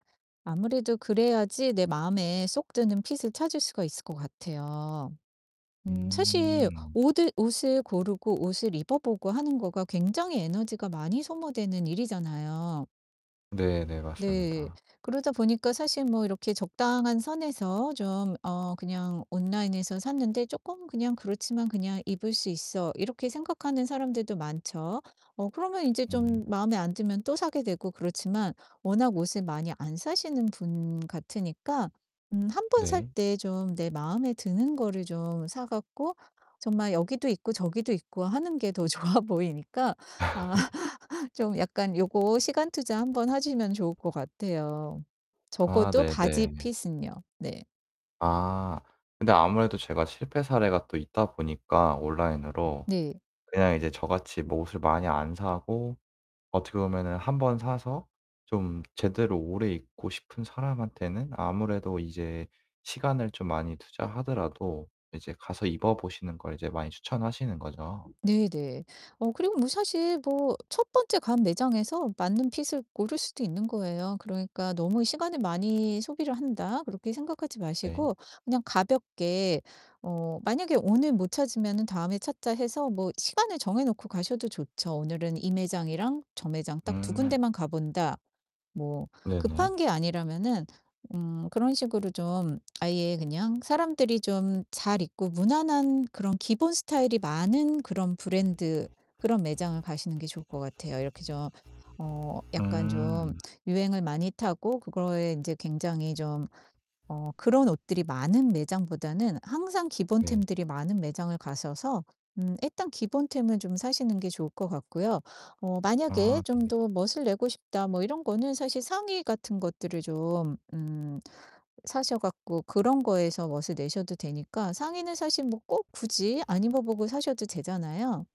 아무래도 그래야지 내 마음에 쏙 드는 핏을 찾을 수가 있을 것 같아요. 음 사실 음. 오드 옷을 고르고 옷을 입어 보고 하는 거가 굉장히 에너지가 많이 소모되는 일이잖아요. 네네. 네. 맞습니다. 그러다 보니까 사실 뭐 이렇게 적당한 선에서 좀 어 그냥 온라인에서 샀는데 '쪼끔 그냥 그렇지만 그냥 입을 수 있어.' 이렇게 생각하는 사람들도 많죠. 어 그러면 인제 음. 좀 마음에 안 들면 또 사게 되고 그렇지만 워낙 옷을 많이 안 사시는 분 같으니까 음 1 번 살 네. 때 좀 내 마음에 드는 거를 좀 사 갖고 정말 여기도 입고 저기도 입고 하는 게 더 좋아 보이니까 아 좀 약간 요거 시간 투자 1 번 하시면 좋을 것 같아요. 아 적어도 바지 네네. 핏은요. 네. 아 근데 아무래도 제가 실패 사례가 또 있다 보니까 온라인으로 네. 그냥 이제 저같이 뭐 옷을 많이 안 사고 어떻게 보면은 1 번 사서 좀 제대로 오래 입고 싶은 사람한테는 아무래도 이제 시간을 좀 많이 투자하더라도 이제 가서 입어 보시는 걸 이제 많이 추천하시는 거죠? 네네. 어 그리고 뭐 사실 뭐 첫 번째 간 매장에서 맞는 핏을 고를 수도 있는 거예요. 그러니까 '너무 시간을 많이 소비를 한다.' 그렇게 생각하지 네. 마시고 그냥 가볍게 어 '만약에 오늘 못 찾으면은 다음에 찾자.' 해서 뭐 시간을 정해 놓고 가셔도 좋죠. '오늘은 이 매장이랑 저 매장 딱 2 군데 음. 만 가 본다.' 뭐 네네. 급한 게 아니라면은 음 그런 식으로 좀 아예 그냥 사람들이 좀 잘 입고 무난한 그런 기본 스타일이 많은 그런 브랜드 그런 매장을 가시는 게 좋을 것 같아요. 이렇게 좀 어 약간 좀 음. 유행을 많이 타고 그거에 인제 굉장히 좀 어 그런 옷들이 많은 매장보다는 항상 기본 네. 템들이 많은 매장을 가셔서 음 일단 기본 템은 좀 사시는 게 좋을 것 같고요. 어 만약에 아 '좀 네. 더 멋을 내고 싶다.' 뭐 이런 거는 사실 상의 같은 것들을 좀 음 사셔 갖고 그런 거에서 멋을 내셔도 되니까 상의는 사실 뭐 꼭 굳이 안 입어 보고 사셔도 되잖아요?